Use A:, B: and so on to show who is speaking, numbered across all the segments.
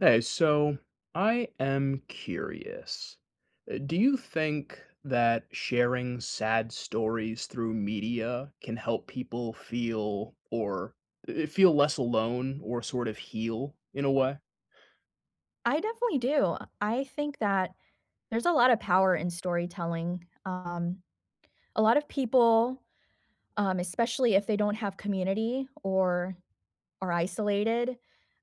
A: Hey, so, I am curious. Eh, do you think that sharing sad stories through media can help people feel, or eh, feel less alone, or sort of heal, in a way?
B: I definitely do. I think that, there's a lot of power in storytelling, um, a lot of people, um, especially if they don't have community or are isolated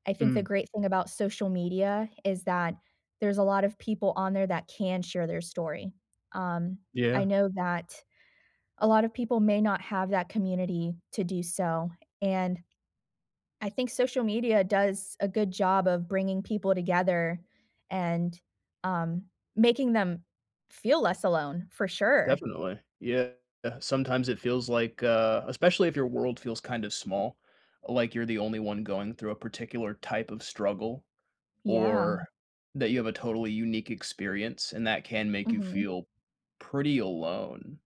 B: I think the
A: Mm.
B: great thing about social media is that there's a lot of people on there that can share their story. Um, I
A: Yeah.
B: know that a lot of people may not have that community to do so, and I think social media does a good job of bringing people together and, um, making them feel less alone, for sure.
A: Definitely. Yeah, sometimes it feels like, uh especially if your world feels kind of small, like you're the only one going through a particular type of struggle,
B: Yeah.
A: or, that you have a totally unique experience and that can make you
B: Mhm.
A: feel pretty alone.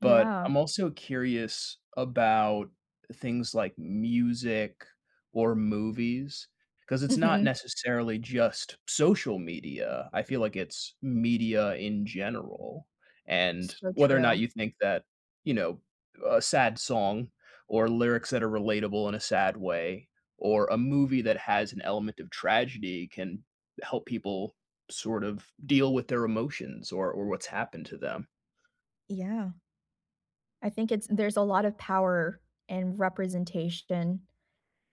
A: But
B: Yeah.
A: I'm also curious about things like music or movies, 'cause it's not
B: Mhm.
A: necessarily just social media, I feel like it's media in general. And,
B: So
A: whether or not
B: true.
A: you think that, you know, uh, a sad song or lyrics that are relatable in a sad way, or a movie that has an element of tragedy can help people sort of deal with their emotions or or what's happened to them.
B: Yeah. I think it's there's a lot of power and representation,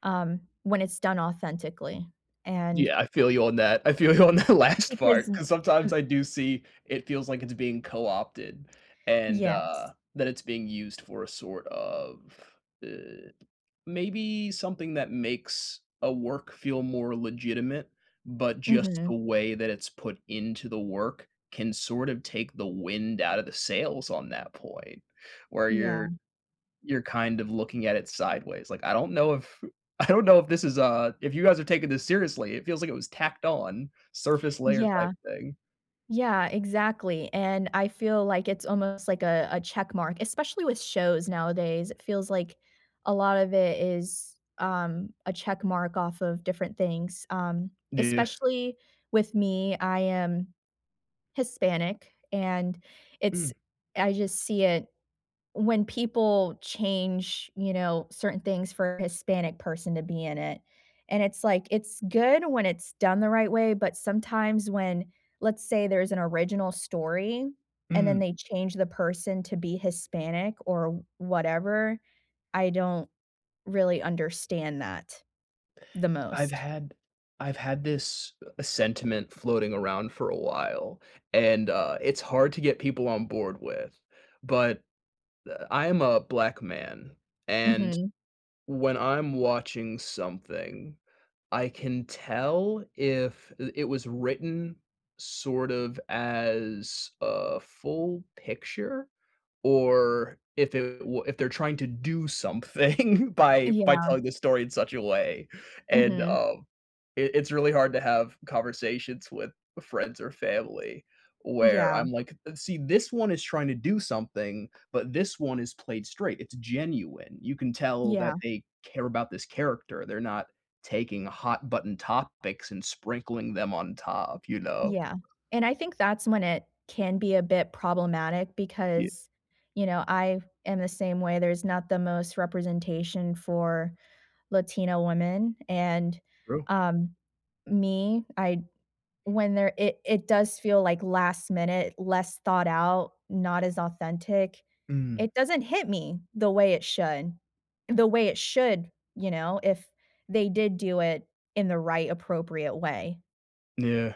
B: um, when it's done authentically, and
A: Yeah, I feel you on that, I feel you on that last
B: because
A: part,
B: n
A: 'cause sometimes
B: m
A: I do see it feels like it's being co-opted and, uh,
B: Yes.
A: that it's being used for a sort of, i maybe something that makes a work feel more legitimate, but just
B: Mhm.
A: the way that it's put into the work can sort of take the wind out of the sails on that point where
B: Yeah.
A: you're you're kind of looking at it sideways, like, I don't know if I don't know if this is a if you guys are taking this seriously, it feels like it was tacked on, surface layer type
B: Yeah.
A: thing.
B: Yeah, exactly, and I feel like it's almost, like, a a check mark, especially with shows nowadays, it feels like a lot of it is, um, a check mark off of different things, um,
A: Yeah.
B: especially with me, I am Hispanic, and it's
A: Mm.
B: I just see it when people change, you know, certain things for a Hispanic person to be in it. And it's, like, it's good when it's done the right way, but sometimes when let's say there's an original story and then
A: Mm.
B: they change the person to be Hispanic or whatever, I don't really understand that the
A: Y I've
B: most.
A: had I've had this, uh, sentiment floating around for a while, and, uh, it's hard to get people on board with. But, uh, I am a black man, and,
B: Mhm.
A: when I'm watching something, I can tell if, uh, it was written sort of as a full picture or if it wa if they're trying to do something by by
B: Yeah.
A: telling the story in such a way. And,
B: Mhm.
A: um, it it's really hard to have conversations with friends or family where
B: Yeah.
A: I'm like, th "See, this one is trying to do something, but this one is played straight, it's genuine, you can tell
B: Yeah.
A: that they care about this character, they're not taking hot button topics and sprinkling them on top," you know?
B: Yeah, and I think that's when it can be a bit problematic,
A: Ye
B: because, you know, I am the same way, there's not the most representation for Latino women, and,
A: True.
B: um, me, I'd when there it it does feel like last minute, less thought out, not as authentic.
A: Mm.
B: It doesn't hit me the way it should. The way it should, you know, if they did do it in the right, appropriate way.
A: Yeah.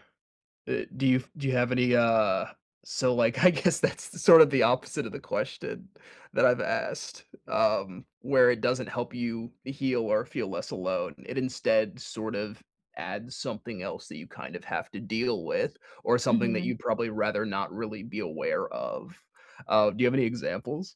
A: Uh, do you f do you have any, uh so, like, I guess that's the, sort of the opposite of the question that I've asked, um, where it doesn't help you heal or feel less alone. It instead sort of adds something else that you kind of have to deal with, or something that
B: Mhm.
A: you'd probably rather not really be aware of. Uh, do you have any examples?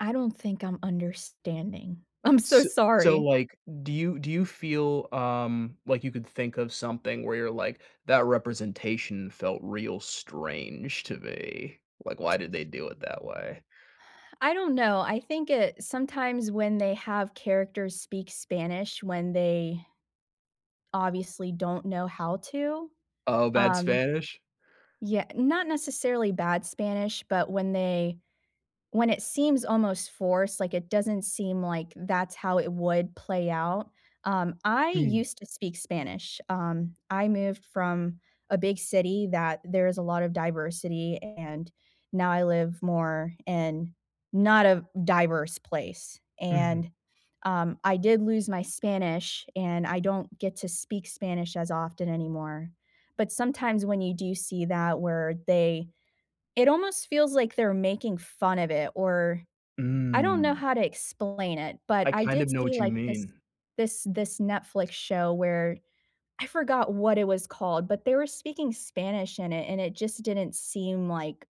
B: I don't think I'm understanding. I'm so
A: S so,
B: sorry.
A: like, do you do you feel, um, like you could think of something where you're like, "That representation felt real strange to me," like, "Why did they do it that way?"
B: I don't know, I think it sometimes when they have characters speak Spanish when they obviously don't know how to,
A: Oh, bad
B: um
A: Spanish?
B: Yeah, not necessarily bad Spanish, but when they when it seems almost forced, like, it doesn't seem like that's how it would play out. Um, I
A: Mm.
B: used to speak Spanish. Um, I moved from a big city that there is a lot of diversity and now I live more in not a diverse place,
A: Mhm.
B: and, um, I did lose my Spanish, and I don't get to speak Spanish as often anymore. But sometimes when you do see that, where they it almost feels like they're making fun of it, or I don't know
A: Mm.
B: how to explain it, but
A: I
B: I
A: kind
B: did
A: of know
B: see
A: what you
B: like this
A: mean.
B: this this Netflix show where I forgot what it was called, but they were speaking Spanish in it, and it just didn't seem, like,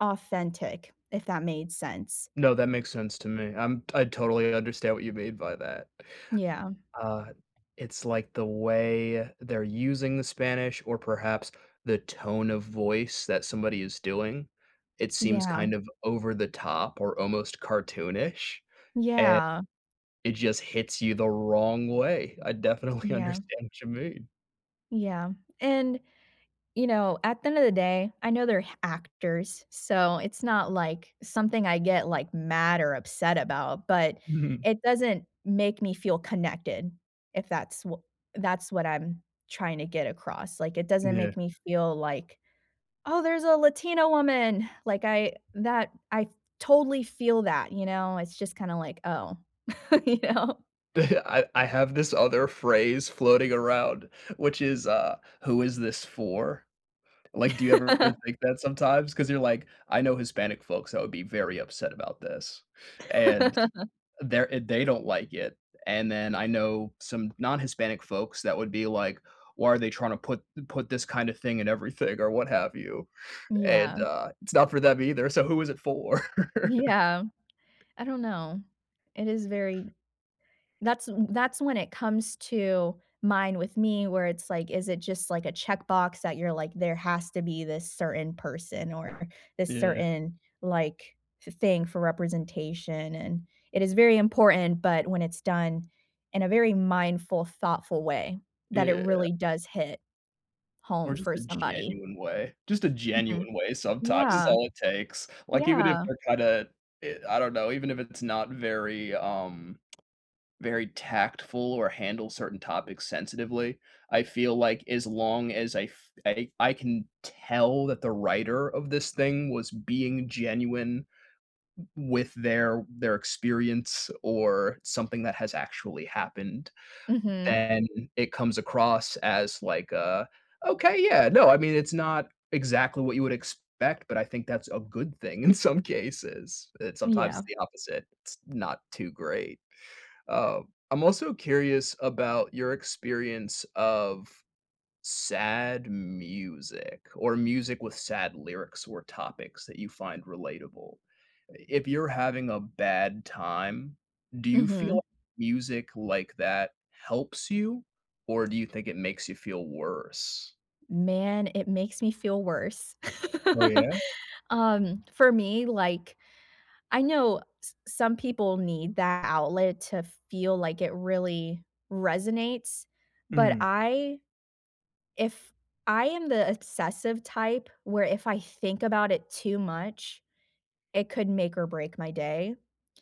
B: authentic if that made sense.
A: No, that makes sense to me. I'm I totally understand what you mean by that.
B: Yeah.
A: Uh, it's, like, the way they're using the Spanish or perhaps the tone of voice that somebody is doing. It seems
B: Yeah.
A: kind of over the top or almost cartoonish, and
B: Yeah.
A: it just hits you the wrong way. I definitely
B: Yeah.
A: understand what you mean.
B: Yeah, and you know, at the end of the day, I know they're h actors, so it's not, like, something I get, like, mad or upset about, but
A: Mhm.
B: it doesn't make me feel connected if that's wh that's what I'm trying to get across, like it doesn't
A: Yeah.
B: make me feel like, "Oh, there's a Latina woman," like I that I, totally, feel that, you know, it's just kinda like, "Oh," you know.
A: I I have this other phrase floating around, which is, uh, "Who is this for?" Like, do you ever think that sometimes? 'Cause you're like, "I know Hispanic folks that would be very upset about this," and they're i they don't like it, and then I know some non-Hispanic folks that would be like, "Why are they trying to put put this kind of thing in everything?" or what have you, and,
B: Yeah.
A: uh, it's not for them either. So, who is it for?
B: Yeah. I don't know. It is very that's w that's when it comes to mind with me, where it's like, is it just like a checkbox that you're like, "There has to be this certain person or this
A: Yeah.
B: certain like th thing for representation?" and it is very important, but when it's done in a very mindful, thoughtful way that it
A: Yeah.
B: really does hit
A: Or
B: home
A: just
B: for
A: a
B: somebody.
A: genuine way, just a
B: Mhm,
A: genuine way sometimes is
B: yeah,
A: all it takes, like, even if
B: yeah.
A: they're kinda, i I don't know, even if it's not very, um, very tactful or handle certain topics sensitively, I feel like as long as I f I I can tell that the writer of this thing was being genuine w with their their experience or something that has actually happened,
B: Mhm.
A: then it comes across as like a Okay, yeah, no. I mean, it's not exactly what you would expect, but I think that's a good thing in some cases. It sometimes
B: Yeah.
A: it's the opposite; it's not too great, um, I'm also curious about your experience of sad music or music with sad lyrics or topics that you find relatable. I if you're having a bad time, do you feel
B: Mhm.
A: music like that helps you, or do you think it makes you feel worse?
B: Man, it makes me feel worse.
A: Oh, yeah?
B: Um, for me, like, I know s some people need that outlet to feel like it really resonates, but
A: Mm.
B: I if I am the d obsessive type, where if I think about it too much, it could make or break my day.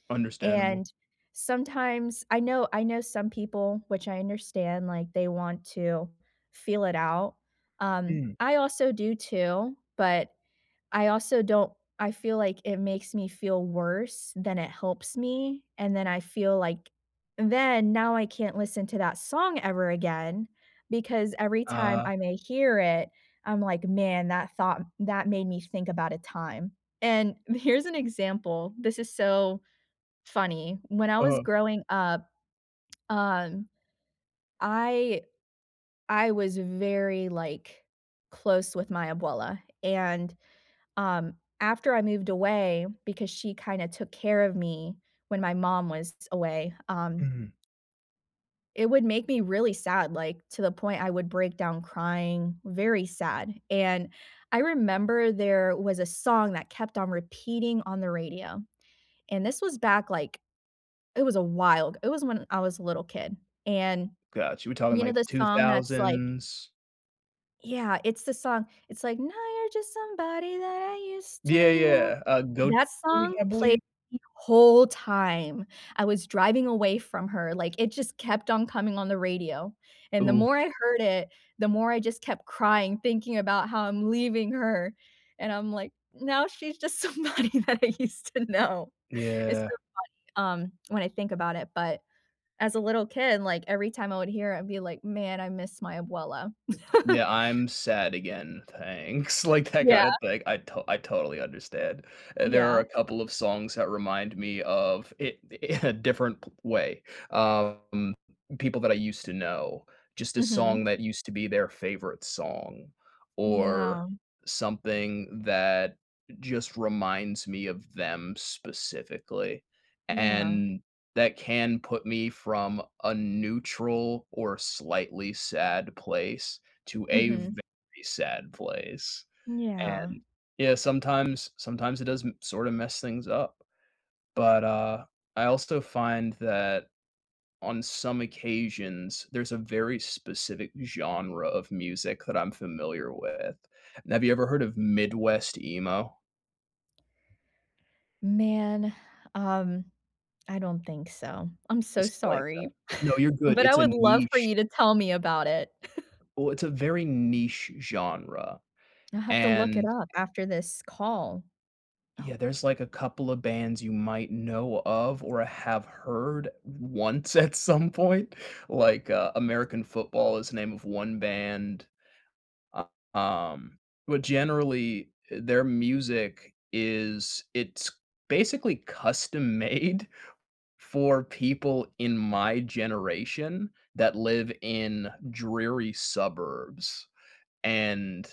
A: Understandable.
B: And sometimes, I know I know some people, which I understand, like, they want to feel it out, um,
A: Mm.
B: I also do too, but I also don't I feel like it makes me feel worse, than it helps me, and then I feel like then, now I can't listen to that song ever again, because every time
A: Uh-huh.
B: I may hear it, I'm, like, "Man that thought that made me think about a time," and here's an example, this is so funny, when I was
A: Uh-huh.
B: growing up, um, I I was very, like, close with my abuela, and, um, after I moved away because she kinda took care of me when my mom was s away, um
A: Mhm.
B: It would make me really sad, like, to the point I would break down crying. Very sad, and I remember there was a song that kept on repeating on the radio, and this was back, like, it was awhile. It was when I was a little kid, and,
A: Gotcha, we talking,
B: you know
A: like, the
B: the
A: two
B: song that's, like
A: thousands?
B: yeah, it's the song. It's, like, Now you're just somebody that I used to
A: Yeah,
B: know,
A: yeah. Uh, Goyte,
B: that song
A: I
B: played
A: believe.
B: the whole time I was driving away from her, like, it just kept on coming on the radio, and the
A: Ooh.
B: more I heard it, the more I just kept crying thinking about how I'm leaving her, and I'm, like, now she's just somebody that I used to know. It's so
A: Yeah.
B: funny, um, when I think about it. But, as a little kid, like, every time I would hear it, I'd be, like, "Man, I miss my Abuela."
A: Yeah, I'm sad again. Thanks, like, I got
B: Yeah.
A: it like, I t I totally understand. Uh, there are a
B: Yeah.
A: couple of songs that remind me of it in a different way. Um, people that I used to know, just a song
B: Mhm.
A: that used to be their favorite song, or
B: Yeah.
A: something that just reminds me of them specifically
B: Yeah.
A: and that can put me from a neutral or slightly sad place to a
B: Mhm.
A: very sad place.
B: Yeah.
A: And, yeah, sometimes sometimes it does m sort of mess things up. But, uh, I also find that on some occasions, there's a very specific genre of music that I'm familiar with. Have you ever heard of Midwest emo?
B: Man, um, I don't think so, I'm so
A: It's like a
B: sorry,
A: no, you're good,
B: but I
A: it's a
B: would love for
A: niche.
B: you to tell me about it.
A: Oh, it's a very niche genre,
B: I have to look it
A: and
B: up after this call.
A: Yeah,
B: Oh.
A: there's, like, a couple of bands you might know of, or have heard once at some point. Like, uh, American Football is the name of 1 band. Um, but generally, eh, their music is it's basically custom made for people in my generation, that live in dreary suburbs. And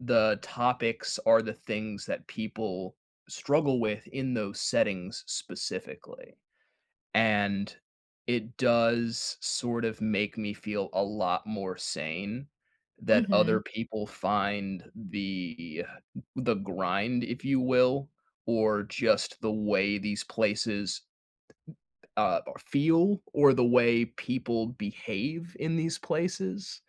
A: the topics are the things that people struggle with in those settings specifically. And, it does, sort of, make me feel a lot more sane that other
B: Mhm.
A: people find the th the grind, if you will, or just the way these places, uh, feel, or the way people behave in these places,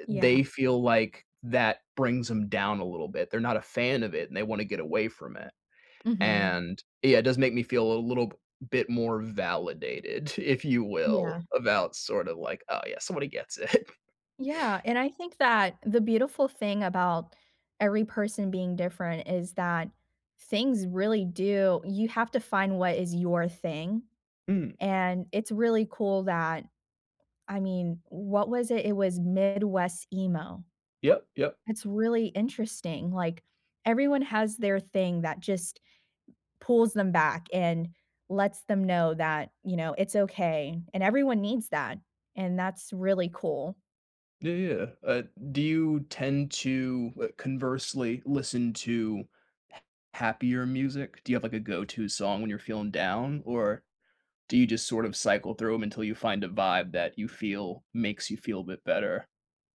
A: i they
B: Yeah.
A: feel like that brings 'em down a little bit. They're not a fan of it, and they wanna get away from it,
B: Mhm.
A: and yeah, it does make me feel a little bit more validated, if you
B: Yeah.
A: will, about sort of like, "Oh, yeah, somebody gets it."
B: Yeah, and I think that the beautiful thing about every person being different is that things really do you have to find what is your thing,
A: Mm.
B: and it's really cool that I mean, what was it, it was Midwest emo.
A: Yep, yep.
B: It's really interesting, like, everyone has their thing that just pulls them back and lets them know that, you know, it's okay, and everyone needs that, and that's really cool.
A: Yeah, yeah, uh, do you tend to, uh, conversely listen to ha happier music? Do you have, like, a go to song when you're feeling down, or do you just sort of cycle through 'em until you find a vibe that you feel makes you feel a bit better?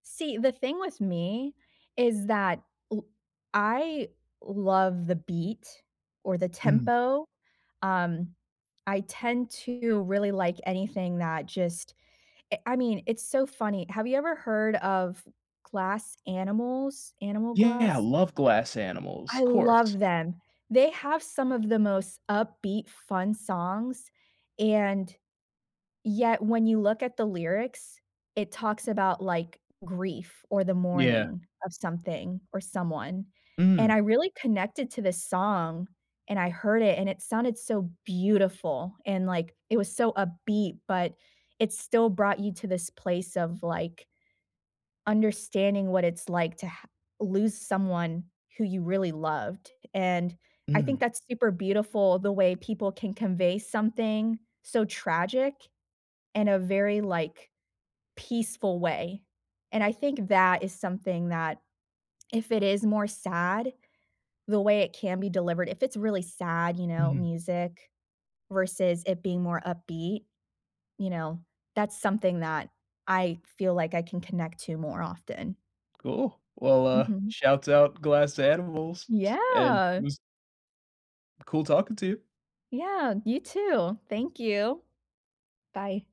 B: See, the thing with me is that l I love the beat or the
A: Mhm.
B: tempo, um, I tend to really like anything that just I I mean, it's so funny. Have you ever heard of Glass Animals? Animal
A: Yeah,
B: Glass?
A: love Glass Animals,
B: I
A: 'course.
B: love them. They have some of the most upbeat fun songs, and, yet when you look at the lyrics, it talks about, like, grief or the
A: Yeah.
B: mourning of something or someone, and I
A: Mm.
B: really connected to this song, and I heard it, and it sounded so beautiful, and, like, it was so upbeat, but it still brought you to this place of, like understanding what it's like to ha lose someone who you really loved, and I think
A: Mm.
B: that's super beautiful the way people can convey something so tragic in a very, like, peaceful way, and I think that is something that if it is more sad, the way it can be delivered, if it's really sad, you know,
A: Mhm.
B: music versus it being more upbeat, you know, that's something that I feel like I can connect to more often.
A: Cool, well, uh,
B: Mhm.
A: shoutout Glass Animals, s and it
B: Yeah.
A: was cool talking to you.
B: Yeah, you too, thank you, bye.